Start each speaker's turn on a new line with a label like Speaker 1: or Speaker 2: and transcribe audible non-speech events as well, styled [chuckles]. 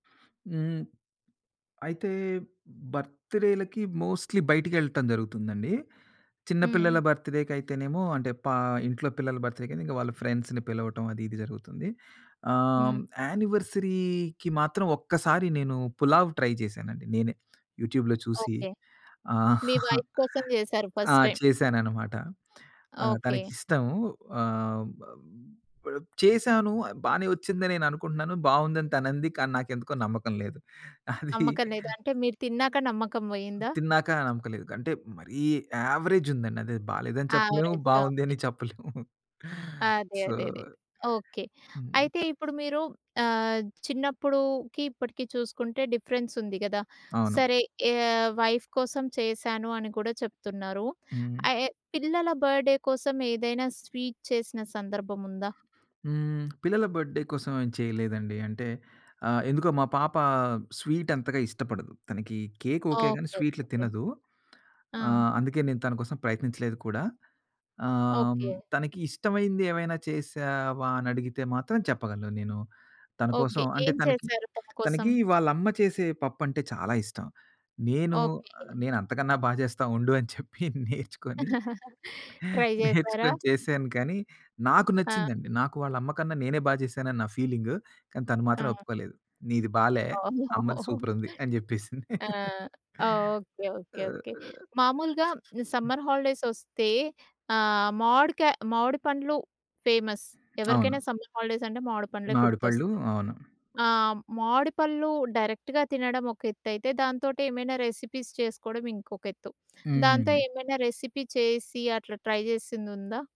Speaker 1: హ్మ్. అయితే బర్త్‌డే‌లకి మోస్ట్‌లీ బయటికెళ్ళటం జరుగుతుందండి. చిన్న పిల్లల
Speaker 2: హ్మ్.
Speaker 1: బర్త్‌డే‌‌కైతేనేమో అంటే పా ఇంట్లో పిల్లల బర్త్‌డేకైతే ఇంకా వాళ్ళ ఫ్రెండ్స్‌ని పిలవటం అది ఇది జరుగుతుంది. ఆహ్,
Speaker 2: హ్మ్.
Speaker 1: యానివర్సరీకి మాత్రం ఒక్కసారి నేను పులావ్ ట్రై చేశానండి నేనే. యూట్యూబ్‌లో చూసి
Speaker 2: ఓకే. మీ
Speaker 1: [chuckles] ఆహ్,
Speaker 2: వైఫ్ కోసం చేసారు
Speaker 1: ఆ!
Speaker 2: First time.
Speaker 1: చేశాననమాట. ఆహ్,
Speaker 2: ఓకే.
Speaker 1: తనకి‌ష్టం. ఆహ్, బ్ చేశాను. బానే వచ్చిందని నేను అనుకుంటున్నాను. బావుంది అని తనంది. కానీ నాకెందుకో నమ్మకం లేదు. [chuckles] అది
Speaker 2: నమ్మకం లేదా అంటే మీరు తిన్నాక నమ్మకం పోయిందా?
Speaker 1: తిన్నాక నమ్మకం లేదు. అంటే మరీ యావరేజ్ ఉందండి. అది బాలేదని చెప్పలేము
Speaker 2: యావరేజ్‌గా ఉంది.
Speaker 1: బావుందని చెప్పలేము. [chuckles]
Speaker 2: అదే.
Speaker 1: సో
Speaker 2: అదే. అదే. ఓకే.
Speaker 1: హ్మ్.
Speaker 2: అయితే ఇప్పుడు మీరు ఆహ్, చిన్నప్పుడుకి ఇప్పటికి చూసుకుంటే డిఫరెన్స్ ఉంది కదా!
Speaker 1: అవును.
Speaker 2: సరే ఆహ్, వైఫ్ కోసం చేశాను అని కూడా చెప్తున్నారు.
Speaker 1: హ్మ్.
Speaker 2: ఆహ్, యె పిల్లల బర్త్‌డే కోసం ఏదైనా స్వీట్ చేసిన సందర్భం ఉందా?
Speaker 1: హ్మ్. పిల్లల బర్త్‌డే కోసం ఏం చేయలేదండి. అంటే ఆహ్, ఎందుకో మా పాప స్వీట్ అంతగా ఇష్టపడదు. తనకి కేక్ ఓకే. గాని
Speaker 2: ఓకే.
Speaker 1: స్వీట్‌లు
Speaker 2: ఓకే.
Speaker 1: తినదు.
Speaker 2: ఆ!
Speaker 1: ఆహ్, అందుకే నేను తన కోసం ప్రయత్నించలేదు కూడా. ఆహ్,
Speaker 2: ఓకే.
Speaker 1: తనకి ఇష్టమైంది ఏమైనా చేశావా అని అడిగితే మాత్రం చెప్పగలను నేను. తన కోసం
Speaker 2: ఓకే.
Speaker 1: అంటే
Speaker 2: ఏం
Speaker 1: తనకి
Speaker 2: చేసారు తన కోసం?
Speaker 1: తనకి వాళ్ళ అమ్మ చేసే పప్పంటే చాలా ఇష్టం. నేను
Speaker 2: ఓకే.
Speaker 1: నేను అంతకన్నా బా చేస్తా ఉండు అని చెప్పి నేర్చుకొని
Speaker 2: [giggles] ట్రై చేసారా?
Speaker 1: నేర్చుకొని చేశాను. కానీ నాకు
Speaker 2: ఆ!
Speaker 1: నచ్చిందండి. నాకు వాళ్ళ అమ్మ కన్నా నేనే బా చేశాను అని నా ఫీలింగు. కానీ తను మాత్రం
Speaker 2: ఆ!
Speaker 1: ఒప్పుకోలేదు. "నీది బాలే. అమ్మది
Speaker 2: ఓహ్!
Speaker 1: సూపరుంది" అని చెప్పేసింది.
Speaker 2: ఆ!
Speaker 1: [laughs]
Speaker 2: ఓకే. ఓకే.
Speaker 1: ఆహ్
Speaker 2: ఓకే. మామూలుగా సమ్మర్ హాలిడేస్ వస్తే ఆహ్, మామిడికా మామిడి పండ్లు ఫేమస్. ఎవరికైనా
Speaker 1: అవును.
Speaker 2: సమ్మర్ హాలిడేస్ అంటే మామిడి పండ్లే
Speaker 1: మామిడి
Speaker 2: గుర్తొస్తాయి.
Speaker 1: పళ్ళు. అవును.
Speaker 2: ఆ! మామిడి పళ్ళు డైరెక్ట్‌గా తినడం ఒక ఎత్తైతే దాంతోటి ఏమైనా రెసిపీస్ చేసుకోవడం ఇంకొక ఎత్తు. దాంతో
Speaker 1: హ్మ్.
Speaker 2: ఏమైనా రెసిపీ చేసి అట్లా ట్రై చేసింది ఉందా?